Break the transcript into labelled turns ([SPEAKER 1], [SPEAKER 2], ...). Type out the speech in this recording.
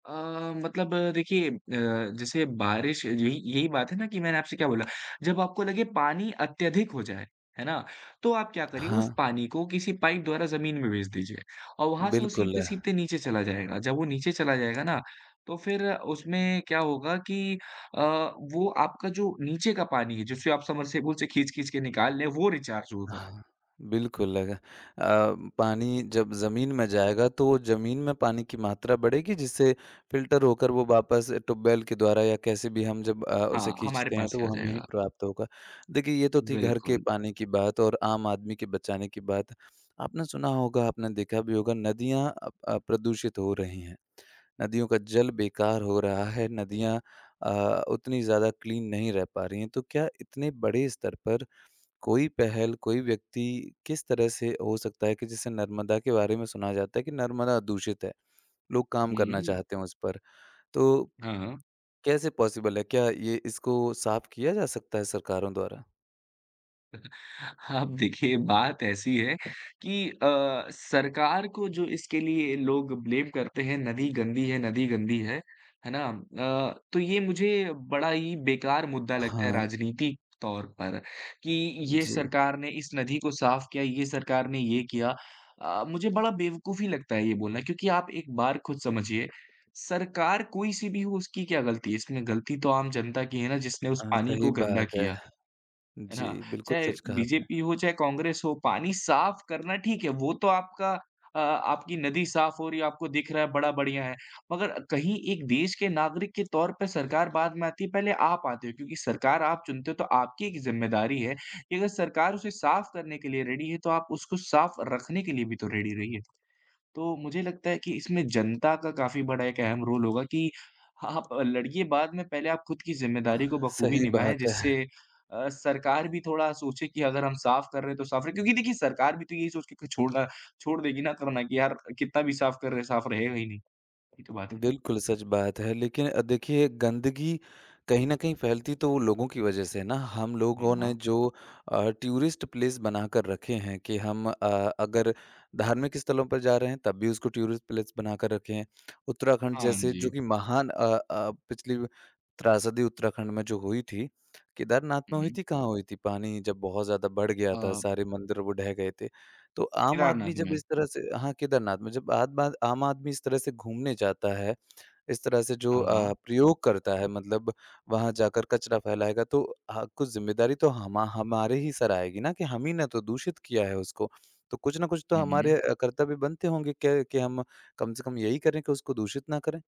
[SPEAKER 1] अ, मतलब देखिए अ, जैसे बारिश यही यही बात है ना कि मैंने आपसे क्या बोला जब आपको लगे पानी अत्यधिक हो जाए, है ना? तो आप क्या करिए उस
[SPEAKER 2] हाँ।
[SPEAKER 1] पानी को किसी पाइप द्वारा ज़मीन में भेज दीजिए और वहाँ से वो
[SPEAKER 2] बिल्कुल।
[SPEAKER 1] सीपते-सीपते नीचे चला जाएगा। जब वो नीचे चला जाएगा ना तो फ़िर उसमें क्या होगा कि अ, वो आपका जो नीचे का पानी है, जिसे आप सबमर्सिबल से खींच-खींच के निकाल रहे हैं, वो रिचार्ज होगा।
[SPEAKER 2] हाँ, बिल्कुल अग अ, पानी जब ज़मीन में जाएगा तो ज़मीन में पानी की मात्रा बढ़ेगी, जिससे फ़िल्टर होकर वो वापस ट्यूबवेल के द्वारा या कैसे भी हम जब अ, उसे
[SPEAKER 1] हाँ, हमारे
[SPEAKER 2] खींचते हैं
[SPEAKER 1] पास
[SPEAKER 2] तो वो
[SPEAKER 1] ही आ
[SPEAKER 2] हमें ही
[SPEAKER 1] जाएगा।
[SPEAKER 2] प्राप्त होगा। देखिए, ये तो थी घर के
[SPEAKER 1] बिल्कुल।
[SPEAKER 2] पानी की बात और आम आदमी के बचाने की बात। आपने सुना होगा, आपने देखा भी होगा, नदियाँ अ अ, प्रदूषित हो रही हैं। नदियों का जल बेकार हो रहा है, नदियाँ अ, उतनी ज़्यादा क्लीन नहीं रह पा रही हैं। तो क्या इतने बड़े स्तर पर कोई पहल, कोई व्यक्ति किस तरह से हो सकता है कि जैसे नर्मदा के बारे में सुना जाता है कि नर्मदा दूषित है। लोग काम करना
[SPEAKER 1] हुँ।
[SPEAKER 2] चाहते हैं उस पर, तो
[SPEAKER 1] हाँ, हाँ।
[SPEAKER 2] कैसे पॉसिबल है? क्या ये इसको साफ़ किया जा सकता है सरकारों द्वारा?
[SPEAKER 1] अब देखिए बात ऐसी है कि अ, सरकार को जो इसके लिए लोग ब्लेम करते हैं, नदी गंदी है, नदी गंदी है, है ना? अ, तो ये मुझे बड़ा ही बेकार मुद्दा लगता है
[SPEAKER 2] हाँ।
[SPEAKER 1] राजनीतिक तौर पर कि ये
[SPEAKER 2] जी।
[SPEAKER 1] सरकार ने इस नदी को साफ़ किया, ये सरकार ने ये किया। अ, मुझे बड़ा बेवकूफ़ी लगता है ये बोलना क्योंकि आप एक बार ख़ुद समझिए, सरकार कोई-सी भी हो उसकी क्या ग़लती है? इसमें ग़लती तो आम जनता की है ना जिसने उस
[SPEAKER 2] हाँ,
[SPEAKER 1] पानी
[SPEAKER 2] सही
[SPEAKER 1] को गंदा
[SPEAKER 2] बात है।
[SPEAKER 1] किया। है ना?
[SPEAKER 2] जी, बिल्कुल
[SPEAKER 1] चाहे
[SPEAKER 2] सच कहा आपने।
[SPEAKER 1] बीजेपी हो, चाहे कांग्रेस हो, पानी साफ़ करना ठीक है वो तो आपका अ अ, आपकी नदी साफ़ हो रही है, आपको दिख रहा है, बड़ा बढ़िया है। मगर कहीं एक देश के नागरिक के तौर पे सरकार बाद में आती है, पहले आप आते हो। क्योंकि सरकार आप चुनते हो तो आपकी एक ज़िम्मेदारी है कि अगर सरकार उसे साफ़ करने के लिए रेडी है तो आप उसको साफ़ रखने के लिए भी तो रेडी रहिए। तो मुझे लगता है कि इसमें जनता का काफ़ी बड़ा एक अहम रोल होगा कि आप लड़िए बाद में, पहले आप ख़ुद की ज़िम्मेदारी को बखूबी
[SPEAKER 2] सही
[SPEAKER 1] निभाएँ
[SPEAKER 2] बात है।
[SPEAKER 1] जिससे अ, सरकार भी थोड़ा सोचे कि अगर हम साफ़ कर रहे तो साफ़ रहे क्योंकि देखिए सरकार भी तो यही सोच के कि छोड़ ना छोड़ देगी ना करना कि यार कितना भी साफ़ कर रहे, साफ़ रहेगा ही नहीं। यही तो बात है।
[SPEAKER 2] बिल्कुल, सच बात है। लेक़िन अ, देखिए गंदगी कहीं न कहीं फ़ैलती तो लोगों की वजह से है ना। हम
[SPEAKER 1] हुँ,
[SPEAKER 2] लोगों ने
[SPEAKER 1] हाँ।
[SPEAKER 2] जो अ, टूरिस्ट प्लेस बनाकर रखे हैं कि हम अ, अगर धार्मिक स्थलों पर जा रहे हैं तब भी उसको टूरिस्ट प्लेस बनाकर रखे हैं। उत्तराखंड
[SPEAKER 1] हाँ
[SPEAKER 2] जैसे जो
[SPEAKER 1] जी।
[SPEAKER 2] कि महान अ अ, पिछली त्रासदी उत्तराखंड में जो हुई थी, केदारनाथ
[SPEAKER 1] हुँ,
[SPEAKER 2] में हुई
[SPEAKER 1] हुँ।
[SPEAKER 2] थी, कहाँ हुई थी? पानी जब बहुत ज़्यादा बढ़ गया था,
[SPEAKER 1] अ
[SPEAKER 2] सारे मंदिर वो ढह गए थे। तो आम आदमी
[SPEAKER 1] केदारनाथ
[SPEAKER 2] जब
[SPEAKER 1] में।
[SPEAKER 2] इस तरह से हाँ, केदारनाथ में जब बार-बार आम आदमी इस तरह से घूमने जाता है, इस तरह से जो
[SPEAKER 1] हाँ,
[SPEAKER 2] अ,
[SPEAKER 1] हाँ।
[SPEAKER 2] प्रयोग करता है मतलब वहाँ जाकर कचरा फ़ैलाएगा तो अ, कुछ ज़िम्मेदारी तो हमा हमारे ही सर आएगी ना कि हम ही ने तो दूषित किया है उसको। तो कुछ ना कुछ तो
[SPEAKER 1] हुँ,
[SPEAKER 2] हमारे
[SPEAKER 1] हुँ।
[SPEAKER 2] अ, कर्तव्य बनते होंगे कि कि हम कम से कम यही करें कि उसको दूषित ना करें।